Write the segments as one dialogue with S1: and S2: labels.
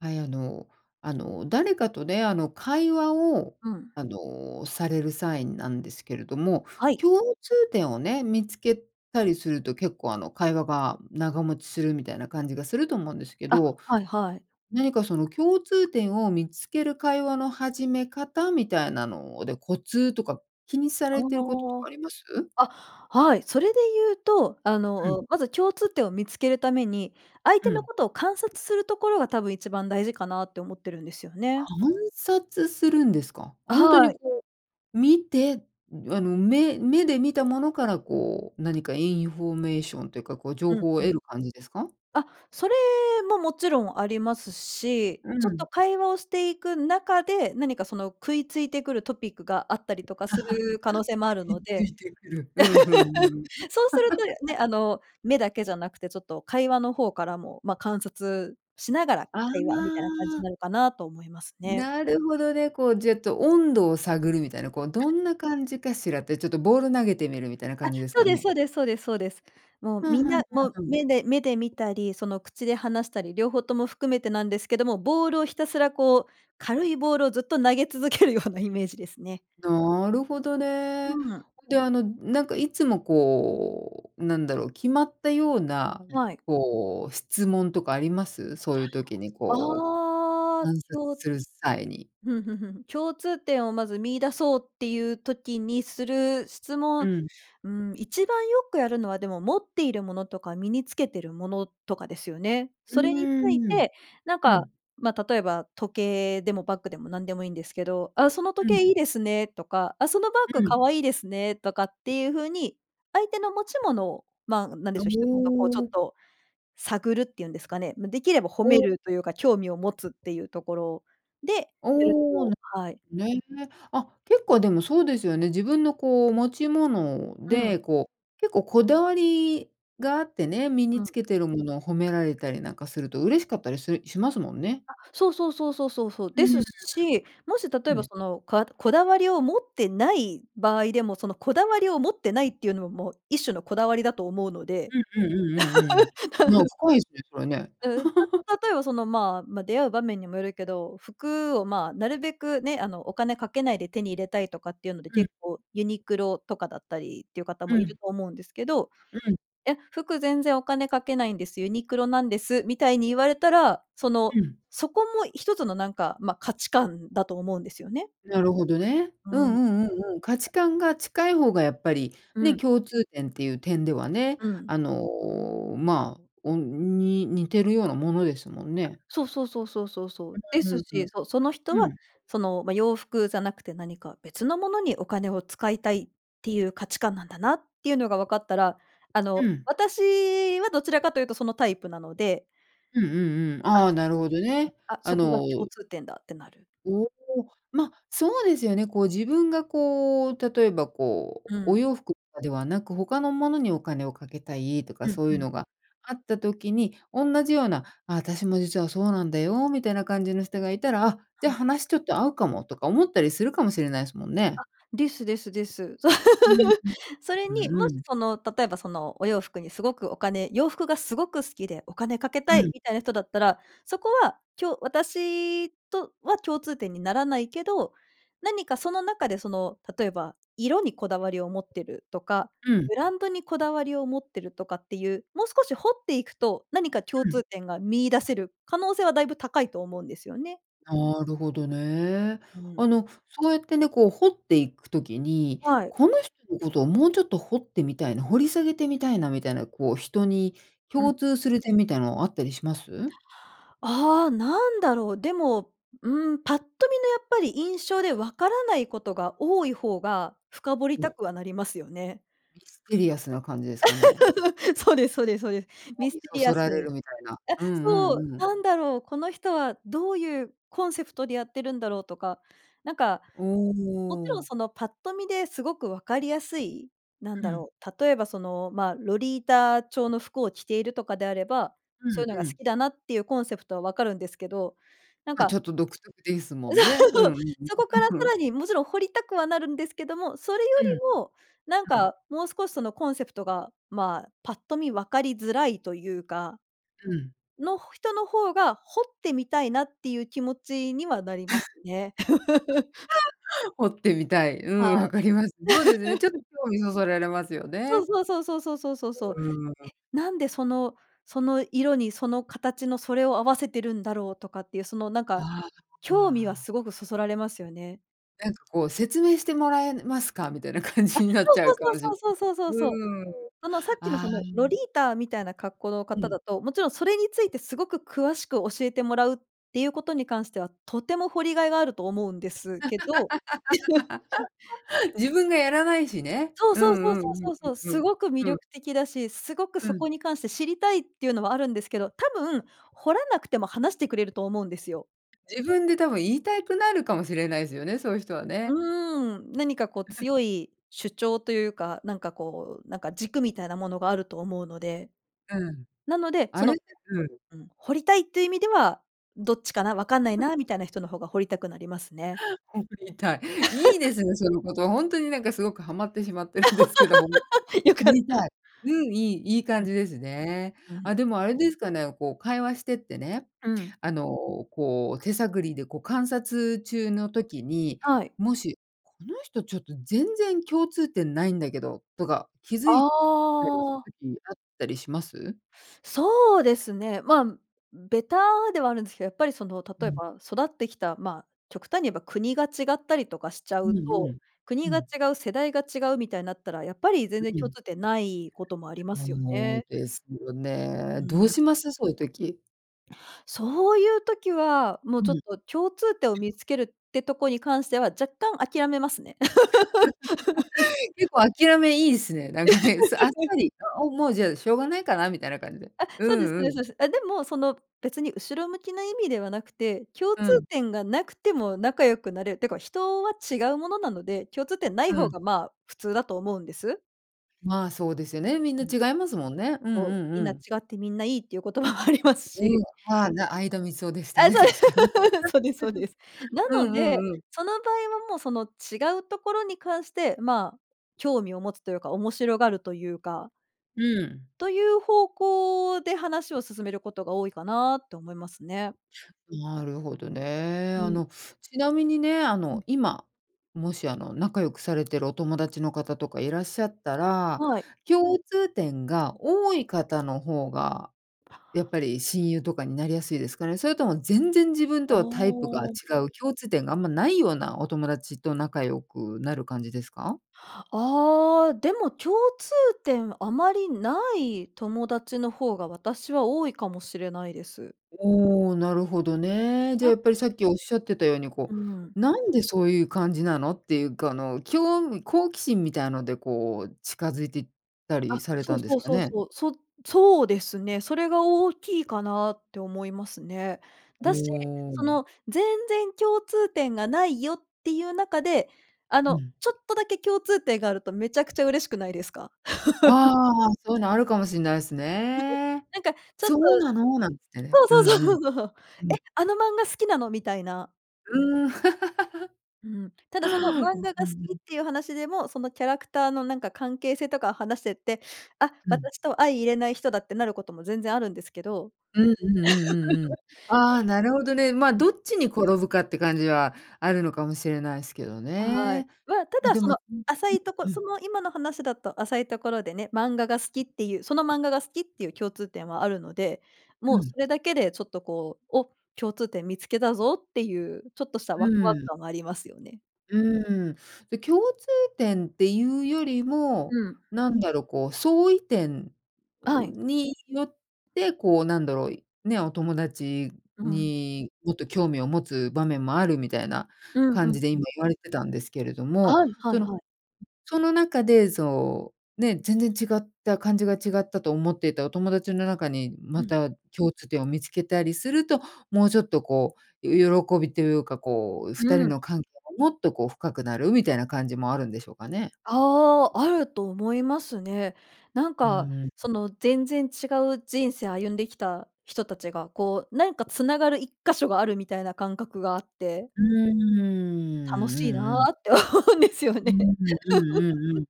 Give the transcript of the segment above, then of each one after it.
S1: はい、あのあの誰かとね、あの会話を、
S2: うん。
S1: あの、される際なんですけれども、
S2: はい。
S1: 共通点をね、見つけたりすると結構あの会話が長持ちするみたいな感じがすると思うんですけ
S2: あ、
S1: ど、
S2: はいはい。
S1: 何かその共通点を見つける会話の始め方みたいなので、コツとか気にさ
S2: あ
S1: れていることとかあります？
S2: あ、あ、はい、それで言うと、あ
S1: うん。
S2: の、まず共通点を見つけるために、相
S1: う
S2: 手の
S1: ん。
S2: ことを観察するところが多分一番大事かなって思ってるんですよね。
S1: 観察するんですか？本当
S2: は
S1: に
S2: い。
S1: こう、見て、あの目目で見たものからこう何かインフォメーションというか、こう情
S2: うんう
S1: 報を
S2: ん。
S1: 得る感じですか？
S2: あ、それももちろんありますし、
S1: う
S2: ちょっと
S1: ん。
S2: 会話をしていく中で、何かその喰いついてくるトピックがあったりとかする可能性もあ る
S1: 喰い
S2: の
S1: つ
S2: で
S1: いてくる。うん、ふん、うん。
S2: そうすると ね、あの、目だけじゃなくて、ちょっと会話の方からも、ま、観察しながら
S1: あ
S2: 会話みたいな感じに
S1: あ。
S2: なるかなと思いますね。
S1: なるほどね、こうじぇっと温度を探るみたいな、こうどんな感じかしらってちょっとボール投げてみるみたいな
S2: あ、
S1: 感じです
S2: そう
S1: か
S2: ですそ
S1: ね。
S2: うですそうですそうです。もう
S1: ふん
S2: みん
S1: ふん
S2: な、も、
S1: ふんふん。
S2: 目で目で見たり、その口で話したり、両方とも含めてなんですけども、ボールをひたすらこう、軽いボールをずっと投げ続けるようなイメージですね。
S1: なるほどね。
S2: うん。
S1: で、あのなんかいつもこう、なんだろう、決まったような、
S2: はい。
S1: こう、質問とかあります？そういう時にこ
S2: あ
S1: う
S2: あ、
S1: 観
S2: ひ
S1: 察
S2: ょ
S1: する際に。
S2: ふんふんふんふん。共通点をまず見出そうっていう時にする質
S1: う
S2: 問、
S1: ん。
S2: ん、一番よくやるのはでも持っているものとか身につけてるものとかですよね。
S1: う
S2: それについ
S1: ーん。
S2: て、なん
S1: う
S2: か、
S1: ん。
S2: ま、例えば時計でもバッグでも何でもいいんですけど、「あ、その
S1: う
S2: 時
S1: ん。
S2: 計いいですね」とか「あ、そのバッ
S1: う
S2: グ
S1: ん。
S2: 可愛いですね」とかっていうふうに、相手の持ち物を、ま、なんで
S1: あ、
S2: しょう、一言こうちょっ
S1: も。
S2: と、探るっていうんですかね、ま、できれば褒め
S1: お。
S2: るというか、興味を持つっていうところでやる
S1: おお、
S2: と、
S1: な、
S2: はい。
S1: ね。あ、結構でもそうですよね。自分のこう持ち物
S2: うん。
S1: で、こう、結構こだわりがあってね、身に
S2: うん。
S1: つけているものを褒められたりなんかすると嬉しかったりするしますもんね。
S2: あ、そうそうそうそうそうそう。
S1: うー
S2: です
S1: ん、
S2: し、もし例え
S1: う
S2: ば
S1: ん。
S2: その、かこだわりを持ってない場合でも、そのこだわりを持ってないっていうのも、もう一種のこだわりだと思うので。
S1: うんうんうんうんうん。なん 深いですね、それね。
S2: うん、た 例えばその、ま、出会う場面にもよるけど、服をま、なるべくね、あのお金かけないで手に入れたいとかっていうので
S1: うん。
S2: 結構ユニクロとかだったりっていう方
S1: う
S2: もいる
S1: ん。
S2: と思うんですけど
S1: うん。
S2: 「え、服全然お金かけないんです、ユニクロなんです」みたいに言われたら、その、
S1: うん。
S2: そこも一つの、なんか、ま、価値観だと思うんですよね。
S1: なるほどね。
S2: う
S1: うん
S2: ん。
S1: うんうんうん。価値観が近い方がやっぱり、
S2: う
S1: ね、
S2: ん。
S1: 共通点っていう点ではね、
S2: うん。
S1: あの、ま、おに似てるようなものですもん
S2: あ、
S1: ね。
S2: そうそうそうそうそうそう。で
S1: う
S2: す
S1: んうんう
S2: し、
S1: ん。
S2: そその人
S1: う
S2: は、
S1: ん。
S2: その、ま、洋服じゃなくて何か別のものにお金を使いたいっていう価値観なんだなっていうのがわかったら、あ
S1: う
S2: の
S1: ん。
S2: 私はどちらかというとそのタイプなので。
S1: うんうんうん、
S2: あ、
S1: ああ、なるほどね。
S2: あ、
S1: あ
S2: そこが
S1: の
S2: 共通点だってなる。
S1: おお、ま、そうですよね、こう、自分がこう、例えばこう、
S2: う
S1: お
S2: ん。
S1: 洋服とかではなく、他のものにお金をかけたいと
S2: う
S1: か
S2: ん
S1: そう
S2: う
S1: いう
S2: ん。
S1: のがあった時に、おんなじような、あ、私も実はそうなんだよみたいな感じの人がいたら「あ、じ
S2: う
S1: ゃ
S2: ん。
S1: 話ちょっと合うかも」とか思ったりするかもしれないすもん
S2: あ、
S1: ね。
S2: ですですです。
S1: うん うん。
S2: それに、
S1: う
S2: も
S1: う
S2: し
S1: ん。
S2: その例えばそのお洋服にすごくお金洋服がすごく好きで、お金かけ
S1: う
S2: たい
S1: ん。
S2: みたいな人だったら、そこは、きょう私とは共通点にならないけど、何かその中でその、例えば色にこだわりを持ってるとか、
S1: うん。
S2: ブランドにこだわりを持ってるとかっていう、もう少し掘っていくと何か共
S1: うん。
S2: 通点が見出せる可能性はだいぶ高いと思うんですよね。
S1: なるほどね。
S2: うん。
S1: あの、そうやってね、こう掘っていく時に、
S2: はい。
S1: この人のことをもうちょっと掘ってみたいな、掘り下げてみたいなみたいな、こう人に
S2: うん。
S1: 共通する点みたいなのあったりします？
S2: ああ、なんだろう。でも、ん、ぱっと見のやっぱり印象でわからないことが多い方が、深掘り
S1: う
S2: た
S1: ん。
S2: くはなりますよね。
S1: ミステリアスな感じですかね。
S2: そうですそうですそうです。
S1: 興
S2: ミス
S1: 味
S2: テ
S1: そ
S2: リア
S1: そ
S2: ス
S1: られるみたいな。
S2: あ、
S1: うんう
S2: そう、
S1: んうん。
S2: なんだろう、この人はどういうコンセプトでやってるんだろうとか、なんか、
S1: お
S2: もちろん
S1: お。
S2: そのパッと見ですごくわかりやすい、なん
S1: う
S2: だ
S1: ん。
S2: ろう、例えばその、ま、ロリータ調の服を着ているとかであれば、
S1: う
S2: そういうのが
S1: んう
S2: 好
S1: ん。
S2: きだなっていうコンセプトはわかるんですけど、なん
S1: ま、
S2: か
S1: ちょっと独特ですもんね。う
S2: そう、
S1: んうん
S2: そこ
S1: うん。
S2: からさ らにもちろん掘りたくはなるんですけども、それよ
S1: うん。
S2: りもなん
S1: うん。
S2: かもう少しそのコンセプトが、ま、パッと見分かりづらいというか
S1: うん。
S2: の、人の方が、掘ってみたいなっていう気持ちにはなりますね。
S1: 掘ってみたい。う
S2: は
S1: ん、わかります。そうですね、ちょっ
S2: い。
S1: 興味そそられますよ
S2: そう
S1: ね。
S2: そうそうそうそうそうそうそう。
S1: うーん。
S2: え、なんでその、その色にその形のそれを合わせてるんだろうとかっていうそのなんか、
S1: あ、あ
S2: 興味は
S1: あ。
S2: すごくそそられますよね。
S1: なんかこう、説明してもらえますか？みたいな感
S2: あ、
S1: じになっ
S2: そう
S1: ちゃうか
S2: そう
S1: もし
S2: そ
S1: ん
S2: うそうそうそうそうそう。
S1: うん。
S2: あの、さっきの
S1: あ
S2: その、ロ
S1: あ。
S2: リータみたいな格好の
S1: う
S2: 方
S1: ん。
S2: だと、もちろんそれについて、すごく詳しく教えてもらうっていうことに関しては、とても掘りがいがあると思うんですけど。ちょ
S1: 自分がやらないしね。
S2: そう
S1: う
S2: そうそう
S1: んう
S2: そう
S1: ん
S2: そう
S1: う
S2: そ
S1: ん
S2: う。
S1: う
S2: す
S1: ん
S2: ごく魅
S1: うん、うん。
S2: 力的だし、すごく
S1: う
S2: そ
S1: ん。
S2: こに関して、知りたいっていうのはあるんですけど、多分、掘らなくても話してくれると思うんですよ。
S1: 自分で多分、言いたいくなるかもしれないずよね、そういう人はね。
S2: うーん、何かこう、強い主張というか、なんかこう、なんか、軸みたいなものがあると思うので。
S1: うん。
S2: なので、そ
S1: あれっ
S2: の
S1: てうん。
S2: うん、掘りたいっていう意味では、どっちかな、わかんないな、みたいな人の方が掘りたくなりますね。
S1: うん、掘りたい。いいで すね、その言葉。ほんとになんか、すごくはまってしまってるんですけど、ほん
S2: 良
S1: [unintelligible]
S2: か
S1: 掘
S2: っ
S1: り
S2: た。
S1: たい。うん、いいいい
S2: う
S1: 感
S2: ん。
S1: じですね。
S2: う
S1: あ、
S2: ん。
S1: でもあれですかね、こう会話してってね、
S2: うん。
S1: あの、こう手探りで、こう観察中の時に、
S2: はい。
S1: もし、「この人ちょっと、全然共通点ないんだけど」とか、気づ
S2: あ
S1: いたりした
S2: あ。
S1: 時あったりします？
S2: そうですね。まあ、ベタではあるんですけど、やっぱりその
S1: う
S2: 例え
S1: ん。
S2: ば育ってきた、まあ、極端に言えば国が違ったりとかしちゃ
S1: う
S2: う
S1: んう
S2: と、
S1: ん、う
S2: 国が違
S1: ん。
S2: う、世代が違うみたいなったら、やっぱり、全然
S1: う
S2: 共
S1: ん。
S2: 通点ないこともありますよ
S1: そう
S2: ね。
S1: ですよ
S2: う
S1: ね。どう
S2: ーん。
S1: します？そういう時。
S2: そういう時は、もう
S1: う
S2: ちょっ
S1: ん。
S2: と共通点を見付けるってとこに関しては、若干諦めますね。
S1: 結構諦めいいっすね。なんかね、さあっさ り、あ、もう、じゃあ、しょうがないかな、みたいな感じで。
S2: あ、
S1: う
S2: そうです
S1: ん
S2: そう
S1: う
S2: ですそう
S1: ん。
S2: です。あ、でもその別に後ろ向きな意味ではなくて、共
S1: う
S2: 通
S1: ん。
S2: 点がなくても、仲良くなれる。ってか、人は違うものなので、共通点ない
S1: う
S2: 方
S1: ん。
S2: が、まあ、普通だと思うんです。
S1: まあ、そうですよね、みん
S2: う
S1: な
S2: ん。
S1: 違いますもんね。うんう
S2: そう。
S1: ん
S2: み
S1: う
S2: んな違
S1: ん。
S2: って、みんないいっていう言葉もあります
S1: う
S2: し。
S1: ん、ああ、な相田みつをでした
S2: ああ、
S1: ね、
S2: そうです。
S1: 確かに。
S2: そうですそうです。な
S1: う
S2: の
S1: んう
S2: で、
S1: んうん。
S2: その場合はもう。その違うところに関して、まあ、興味を持つというか、面白がるというか
S1: うん。
S2: という方向で話を進めることが多いかなって思いますね。
S1: なるほどね。
S2: う
S1: あ
S2: ん。
S1: の、ちなみにね、あ
S2: うん。
S1: の今、もし、あの、仲良くされているお友達の方とかいらっしゃったら、
S2: はい。
S1: 共通点が多い方の方がやっぱり親友とかになりやすいですかね？それとも全然自分
S2: あ
S1: とはタイプが
S2: あ。
S1: 違う、共通点があんまないようなお友達と仲良くなる感じですか？
S2: ああ、でも共通点、あまりない友達の方が、私は多いかもしれないです。
S1: おお、なるほどね。じゃあ、
S2: あ。
S1: やっぱり、さっきおっしゃってたように
S2: う
S1: こ
S2: ん。
S1: う、なんでそういう感じなの？っていう、この、興味好奇心みたいなのでこう、近づいてた
S2: あ、
S1: りされ
S2: そ
S1: た
S2: う
S1: んで
S2: そ
S1: す
S2: う
S1: か
S2: そう
S1: ね？
S2: そう。そそうですね。それが大きいかなって思いますね。だし、
S1: おお、あ
S2: そ
S1: む。
S2: の全然共通点がないよっていう中で、あ
S1: う
S2: の、
S1: ん。
S2: ちょっとだけ共通点があると、めちゃくちゃ嬉しくないですか？
S1: あ あ。そういうの、あるかもしんないす ね。
S2: なんか、ちょっと、
S1: 「そうなの？」なんつってね、うん
S2: そうそう
S1: うん。
S2: そうそうそう。
S1: う
S2: 「え、
S1: ん。
S2: あの漫画好きなの？」みたいな。
S1: うーん。
S2: うん。ただその、漫 画
S1: う
S2: が
S1: んう
S2: 好
S1: んう
S2: きっ
S1: ん。
S2: ていう話でも、そのキャラクターのなんか関係性とかを話してって、あっ、
S1: うん。
S2: 私とは相入れない人だってなることも、全然あるんですけど。
S1: うんうんうんうんうん。ああ、なるほどね。まあ、どっちに転ぶかって感じは、あるのかもしれないすけど
S2: はい。
S1: ね。
S2: わた
S1: ま、
S2: だ
S1: で
S2: そ
S1: も
S2: の
S1: [unintelligible]
S2: 浅いとこ
S1: う
S2: そ
S1: ん。
S2: の今の話だと浅いところでね、漫画が好きっていうその漫画が好きっていう共通点はあるので、
S1: う
S2: もう
S1: ん。
S2: それだけでちょっとこう、「お、共通点見つけたぞ」っていう、ちょっとした
S1: う
S2: ワクワク
S1: ーん。
S2: 感もありますよね。
S1: うーん。で、共通点っていうよりも、
S2: うん。
S1: なんだろう、こう相違点
S2: あ
S1: を
S2: い。
S1: によって、こうなんだろう、ね、お友達
S2: うう、うん。
S1: にもっと興味を持つ場面もある、みたいな
S2: うんう
S1: 感じ
S2: ん、
S1: で
S2: う
S1: 今
S2: ん。
S1: 言われてたんですけれども。
S2: あい、はい
S1: その、
S2: はい。
S1: その中でそう、ね、全然違った感じが、違ったと思っていたお友達の中に、
S2: う
S1: ま
S2: ん。
S1: た共通点を見つけたりすると、もうちょっとこう、よ喜びというか、こう
S2: う
S1: 2人
S2: ーん。
S1: の関係、もっとこう深くなるみたいな感じもあるんでしょうかね。
S2: ああ、あると思いますね。なん
S1: う
S2: か
S1: ーん。
S2: その、全然違う人生歩んできた人たちが、こうなんか繋がる一箇所がある、みたいな感覚があって
S1: うんうんうんうんうんうんう
S2: 楽しい
S1: んうん
S2: な
S1: うん。
S2: って思うんですよ
S1: う
S2: ね。
S1: んうんうんうんうんう ん。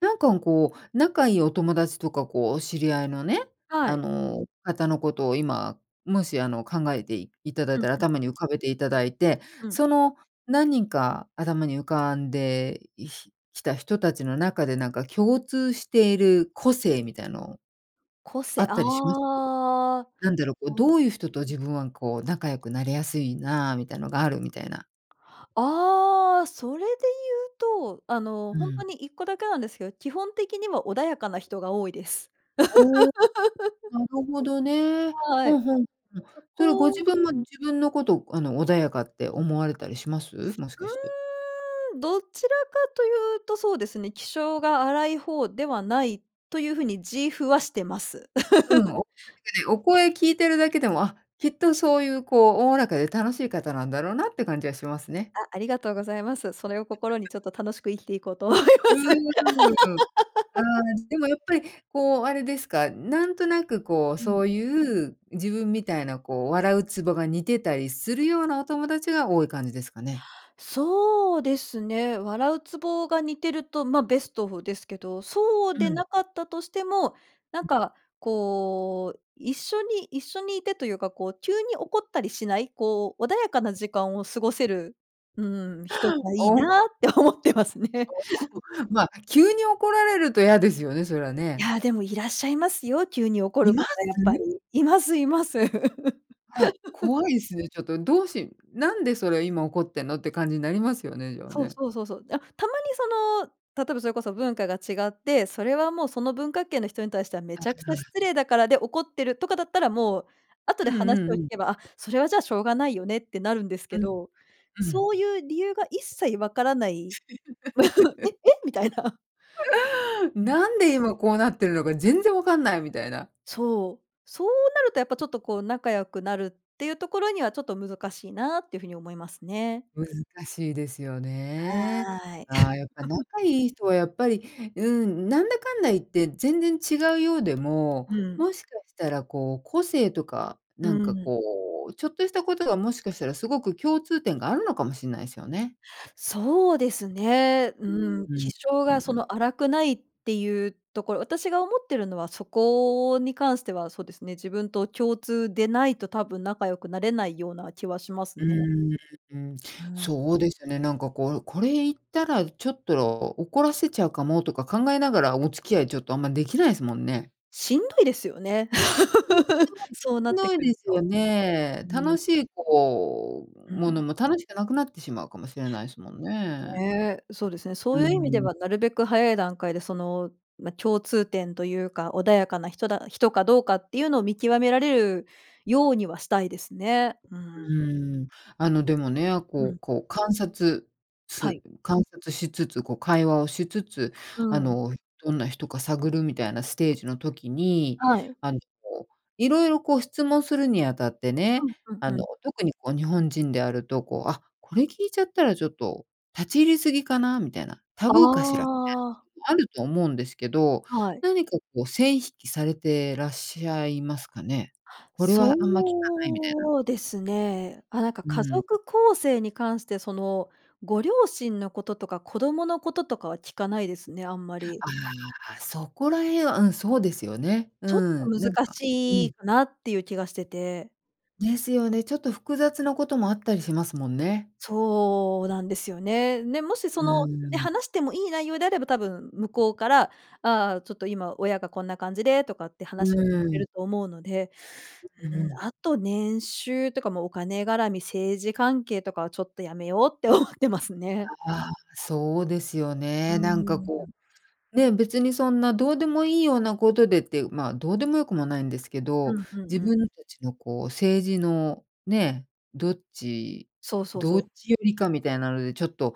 S1: なんか、ん、こう、仲いいお友達とか、こうお知り合いのね、
S2: は
S1: あ
S2: い。
S1: の、方のことを今、もしあの考えていただい
S2: うん
S1: たら、
S2: うん。
S1: 頭に浮かべていただいて。
S2: うん。
S1: その何人か頭に浮かんでいひきた人たちの中で、なんか共通している個性みたいの、
S2: こ
S1: あ
S2: せ
S1: っ
S2: あ
S1: たりします？
S2: あ、は
S1: なんだろう、こうど
S2: い。
S1: ういう人と自分はこう、仲良くなれやすいな、みたいなのあるみたいな。
S2: ああ、それで言うと、あの、
S1: う
S2: ほんと
S1: ん。
S2: に1個だけなんですけど、基本的には穏やかな人が多いです。
S1: おお、なるほどね。
S2: は
S1: ほん
S2: い。
S1: ほん、うん。
S2: そ
S1: それはご自
S2: こ
S1: 分も自分のこと、あの、穏やかって思われたりします？もしかして。
S2: うーん、どちらかというとそうですね、気性が荒い方ではない、という風に自負はしてます。
S1: うん、お 確かにお声聞いてるだけでも、あ、きっとそういうこう、おおらかで楽しい方なんだろうなって感じはしますね。
S2: あ、ありがとうございます。それを心にちょっと楽しく生きていこうと思います。
S1: うーん。あ、でもやっぱりこう、あれですか、なんとなくこう、
S2: う
S1: そ
S2: ん。
S1: ういう、自分みたいなこう、笑うツボが似てたりするようなお友達が多い感じですかね？
S2: そうですね。笑うツボが似てると、ま、ベストですけど、そうで
S1: うん。
S2: なかったとしても、なんか、こう、一緒に一緒に居てというか、こう急に怒ったりしない、こう穏やかな時間を過ごせる、うーん、人がいい
S1: おう
S2: なって思ってますね。
S1: そう。ま、急に怒られると嫌ですよね、それは
S2: い
S1: ね。
S2: や、でもいらっしゃいますよ、急に怒
S1: 居
S2: る方
S1: ま
S2: やっぱり。
S1: す？
S2: 居ます居ます。
S1: あ、怖いですね、ちょっとどうしなんでそれ今怒ってんのって感じになりますよね、じゃあ
S2: そう
S1: ね。
S2: そうそうそう。あ、たまにその、例えばそれこそ文化が違って、それはもうその文化圏の人に対してはめ
S1: あ
S2: ちゃくちゃ
S1: あ。
S2: 失礼だから、で怒ってるとかだったら、もう、後で
S1: うん
S2: 話
S1: う
S2: を
S1: ん
S2: 聞
S1: うん。
S2: けば、あ、それはじゃあしょうがないよねってなるんです
S1: う
S2: け
S1: ん。
S2: ど、
S1: うん。
S2: そういう理由が一切分からない。「え え？」みたいな。
S1: なんで今こうなってるのか全然分かんないみたいな。
S2: そう。そうなるとやっぱちょっとこう、仲良くなるっていうところには、ちょっと難しいなっていう風に思いますね。
S1: 難しいですよね。
S2: はい。
S1: ああ、やっぱ 仲いい人はやっぱり、うん、なんだかんだ言って全然違うようでも、
S2: うん。
S1: もしかしたらこう、個性とか、
S2: う
S1: なんか
S2: ん。
S1: こう、ちょっとしたことがもしかしたらすごく共通点があるのかもしんないすよね。
S2: そうですね。う
S1: う
S2: ー
S1: ん。
S2: ん、
S1: う
S2: 気性
S1: んう
S2: がそ
S1: ん。
S2: の荒くないっていうところ私が思っているのは、そこに関してはそうですね、自分と共通でないと多分仲良くなれないような気はします
S1: う
S2: ね。
S1: ーん。
S2: ああ。
S1: そうですね、なんかこう、これ言ったらちょっと怒らせちゃうかも、とか考えながらお付き合い、ちょっとあんま出来ないすもんね。
S2: しんどいですよね。そうな
S1: しん
S2: って
S1: どい
S2: く
S1: で
S2: る
S1: すよ
S2: と。う
S1: ね。楽
S2: ん。
S1: しいこう、
S2: う
S1: もの
S2: ん。
S1: も楽しくなくなってしまうかもしれないすもんね。
S2: ね、そうですね。
S1: う
S2: そう
S1: ー
S2: いう意味で
S1: ん。
S2: は、なるべく早い段階で、その、ま、共通点というか、穏やかな人だ人かどうかっていうのを見極められるようにはしたいですね。うー
S1: う
S2: ん。
S1: ーん。あのでもね、
S2: う
S1: こ
S2: ん。
S1: うこう観察
S2: は
S1: す
S2: い。
S1: 観察しつつ、こう会話をしつつ、
S2: う
S1: あ
S2: ん。
S1: のどんな人か探るみたいなステージの時に、
S2: はい。
S1: あのこう、色々こう質問するにあたって
S2: う
S1: ね、
S2: ん、ふん
S1: あ
S2: ふ
S1: の
S2: ん。
S1: 特にこう、日本人であるとこう、あ、これ聞いちゃったらちょっと立ち入り過ぎかなみたいな、タ
S2: あ
S1: ブーかしらみ
S2: あ。
S1: たいなこともあると思うんですけど、
S2: はい。
S1: 何かこう線引きされてらっしゃいますかね？これはあんま聞かないみたいな。
S2: そうですね。あ、なんか
S1: う
S2: 家
S1: ん。
S2: 族構成に関して、そのご両親のこととか子供のこととかは聞かないですね、あんまり。
S1: ああ、そこらへんは、うん、そうですよね。う
S2: ちょっと
S1: ん、なん
S2: 難
S1: かう
S2: しい
S1: ん。
S2: かなっていう気がしてて。
S1: ですよね。ちょっと複雑なこともあったりしますもんね。
S2: そうなんですよね。で、もしそ
S1: う
S2: のね、
S1: ん。
S2: 話してもいい内容であれば、多分向こうから、「ああ、ちょっと今、親がこんな感じで」とかって
S1: う
S2: 話をしてくれ
S1: ん。
S2: ると思うので、
S1: う
S2: うーん、
S1: ん。
S2: あと、年収ってかもう、お金絡み、政治関係とかはちょっとやめようって思ってますね。
S1: ああ、そうですよ
S2: う
S1: ね。なんか
S2: ー
S1: こ
S2: ん。
S1: う、ねえ、別にそんな、どうでもいいようなことでって、まあ、どうでもよくもないんですけ
S2: う
S1: ど、
S2: んうん
S1: 自
S2: うん。
S1: 分たちのこう政治のね、どっち
S2: そうそう
S1: ど
S2: そう。
S1: っちよりかみたいなのでちょっと、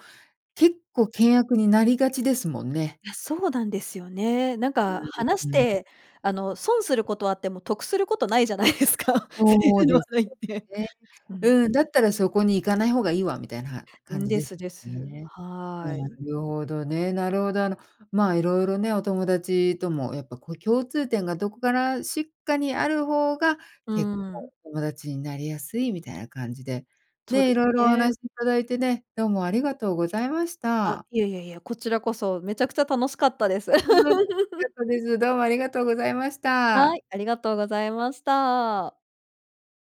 S1: 結構険悪になりがちですもんね。
S2: いや、そうなんですよね。なんか
S1: う
S2: 話し
S1: ーん。
S2: てあの、損することはあっても、得することないじゃないですか。政
S1: そ
S2: 治
S1: う
S2: の話
S1: です
S2: 題っ
S1: よ
S2: て。
S1: ね。
S2: うん。
S1: うん、「だったらそこに行かない方がいいわ」みたいな
S2: う
S1: 感
S2: ん、
S1: じ
S2: で
S1: で
S2: す
S1: す
S2: です。
S1: よね。な
S2: はい。
S1: るほどね、なるほど。あの、まあいろいろね、お友達ともやっぱこう、共通点がどこからしっかにある方が、
S2: う
S1: 結構
S2: ん。
S1: 友達になりやすいみたいな感じで、
S2: そう
S1: ね、
S2: で
S1: い
S2: す
S1: ろいろお
S2: ね。
S1: 話いただいてね、どうもありがとうございまし
S2: あ、
S1: た。
S2: いやいやいや、こちらこそ、めちゃくちゃ楽しかったです。
S1: うーん、楽しかっ たです。どうもありがとうございまし
S2: は
S1: た。
S2: い、ありがとうございました。